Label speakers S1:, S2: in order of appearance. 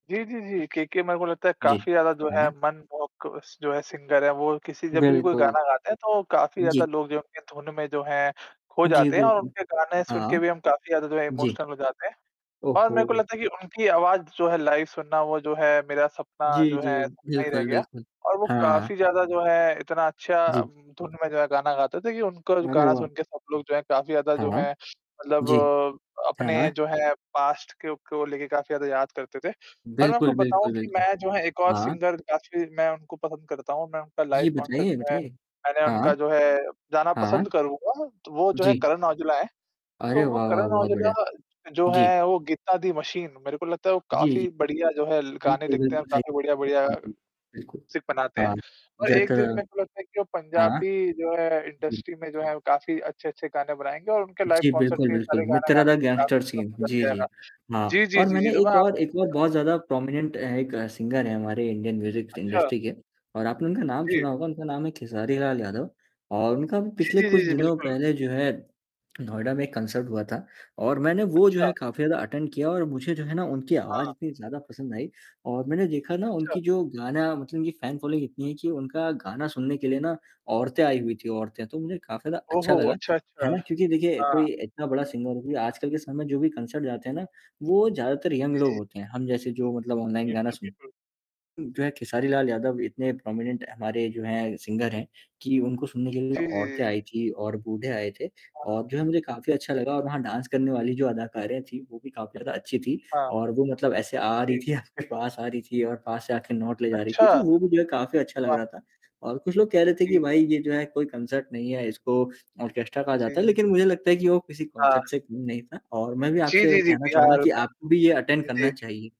S1: जी, जी, जी। के के मेरे को लगता है
S2: जी।
S1: काफ़ी ज़्यादा जो है
S2: हाँ।
S1: मनमोहक स जो है सिंगर हैं। वो किसी जब भी कोई
S2: बिल्कुल।
S1: गाना गाते हैं तो काफ़ी ज़्यादा
S2: जी।
S1: लोग जो हैं उनके धुन में जो है, खो
S2: जी,
S1: जाते हैं और
S2: बिल्कुल।
S1: उनके गाने सुन
S2: हाँ।
S1: के भी हम काफ़ी ज़्यादा जो है
S2: जी।
S1: इमोशनल हो जाते हैं।
S2: ओह
S1: और मेरे को
S2: हो!
S1: लगता है कि उनकी आवाज़ जो है लाइव सुनना वो जो है मेरा सपना
S2: जी,
S1: जो है
S2: जी।
S1: सपना ही रह
S2: बिल्कुल,
S1: गया।
S2: बिल्कुल।
S1: और वो
S2: हाँ।
S1: काफ़ी ज़्यादा जो है इतना अच्छा
S2: जी।
S1: उम, धुन में जो है गाना गाते थे कि उनका जो
S2: अरे
S1: गाना
S2: वाह!
S1: सुन के सब लोग जो हैं काफ़ी ज़्यादा जो
S2: हाँ।
S1: है
S2: जी।
S1: मतलब अपने
S2: हाँ।
S1: जो है पास्ट को को लेके काफ़ी ज़्यादा याद करते थे। और मैं आपको
S2: बिल्कुल,
S1: बताऊँ
S2: बिल्कुल,
S1: कि
S2: बिल्कुल।
S1: मैं जो है एक और
S2: हाँ।
S1: सिंगर काफ़ी मैं उनको पसंद करता हूँ, मैं उनका लाइव
S2: जी
S1: कॉन्सर्ट
S2: बताइए,
S1: जो है
S2: बताइए।
S1: मैंने
S2: हाँ।
S1: उनका जो है जाना
S2: हाँ।
S1: पसंद करूँगा, तो वो जो है
S2: जी।
S1: करण औजला हैं।
S2: अरे
S1: तो वो
S2: वाह, वाह!
S1: करण
S2: बहुत बढ़िया।
S1: औजला जो
S2: जी।
S1: हैं वो गीता दी मशीन मेरे को लगता है वो
S2: जी, जी।
S1: काफ़ी बढ़िया जो है ल गाने
S2: बिल्कुल,
S1: लिखते हैं और
S2: बिल्कुल सही
S1: काफ़ी
S2: कहा।
S1: बढ़िया-बढ़िया,
S2: जी, जी, बिल्कुल।
S1: सिक बनाते हैं।
S2: हाँ,
S1: और एक दिन
S2: [unintelligible]
S1: मेरे को लगता है कि वो
S2: हाँ।
S1: पंजाबी जो है
S2: जी।
S1: इंडस्ट्री में जो है वो काफ़ी अच्छे-अच्छे गाने बनाएँगे और उनके लाइव
S2: जी,
S1: कॉन्सर्ट
S2: बिल्कुल,
S1: में ये
S2: बिल्कुल,
S1: सारे गाना
S2: मित्रा
S1: गाने
S2: दा गैंगस्टर
S1: [unintelligible] तो
S2: सीन
S1: मज़ा
S2: जी,
S1: भी आएगा।
S2: जी। हाँ,
S1: जी, जी,
S2: और
S1: जी, जी,
S2: मैंने
S1: तो मैं
S2: एक और
S1: आपसे
S2: एक
S1: पूछना
S2: और
S1: चाहूँगा
S2: बहुत ज़्यादा प्रोमिनेंट हैं एक सिंगर है हमारे इंडियन म्यूजिक
S1: अच्छा।
S2: इंडस्ट्री के। और आपने उनका नाम
S1: जी।
S2: सुना होगा उनका नाम है खेसारी लाल यादव, और उनका अभी
S1: जी,
S2: पिछले
S1: जी,
S2: कुछ
S1: जी, जी,
S2: दिनों
S1: बिल्कुल।
S2: पहले जो है, नोएडा में एक कंसर्ट हुआ था, और मैंने वो जो
S1: अच्छा।
S2: है काफ़ी ज़्यादा अटेंड किया और मुझे जो है ना उनकी आवाज़
S1: हाँ।
S2: इतनी ज़्यादा पसंद आई। और मैंने देखा ना
S1: अच्छा।
S2: उनकी जो गाना मतलब उनकी फैन फॉलोइंग इतनी है कि उनका गाना सुनने के लिए ना, औरतें आई हुई थी औरतें तो उन्हें काफ़ी ज़्यादा
S1: ओह
S2: अच्छा
S1: हो!
S2: लगा।
S1: अच्छा,
S2: है
S1: अच्छा।
S2: ना? क्योंकि देखिए
S1: हाँ।
S2: कोई इतना बड़ा सिंगर वो भी आजकल के समय जो भी कंसर्ट जाते हैं ना, वो ज़्यादातर यंग
S1: जी,
S2: लोग
S1: जी।
S2: होते हैं। हम जैसे जो मतलब ऑनलाइन गाना
S1: बिल्कुल,
S2: सुन
S1: बिल्कुल।
S2: उम, जो है खेसारी लाल यादव इतने प्रोमिनेंट हमारे जो हैं सिंगर हैं, कि उनको सुनने के लिए
S1: जी, जी,
S2: औरतें
S1: जी।
S2: आई थी और बूढ़े आए थे। और
S1: हाँ।
S2: जो है मुझे काफ़ी अच्छा
S1: [unintelligible]
S2: लगा और वहाँ डांस करने वाली जो अदाकारे थी वो भी काफ़ी ज़्यादा अच्छी थी,
S1: हाँ।
S2: और वो मतलब ऐसे आ रही
S1: जी।
S2: थी आपके पास आ रही थी और पास से आके नोट ले जा रही
S1: अच्छा।
S2: थी तो वो भी जो है काफ़ी अच्छा लग
S1: वाह!
S2: रहा था। और कुछ लोग कह रहे थे
S1: जी,
S2: कि
S1: जी,
S2: भाई
S1: जी।
S2: ये जो है कोई कंसर्ट नहीं है इसको ऑर्केस्ट्रा कहा
S1: जी,
S2: जाता है,
S1: जी,
S2: लेकिन
S1: जी।
S2: मुझे लगता है कि वो किसी
S1: हाँ।
S2: कंसर्ट से काम नहीं था, और मैं भी
S1: जी,
S2: आपसे
S1: जी, जी,
S2: कहना चाहूँगा
S1: बिहार
S2: कि
S1: में।
S2: आपको भी ये अटेंड
S1: जी।
S2: करना चाहिए।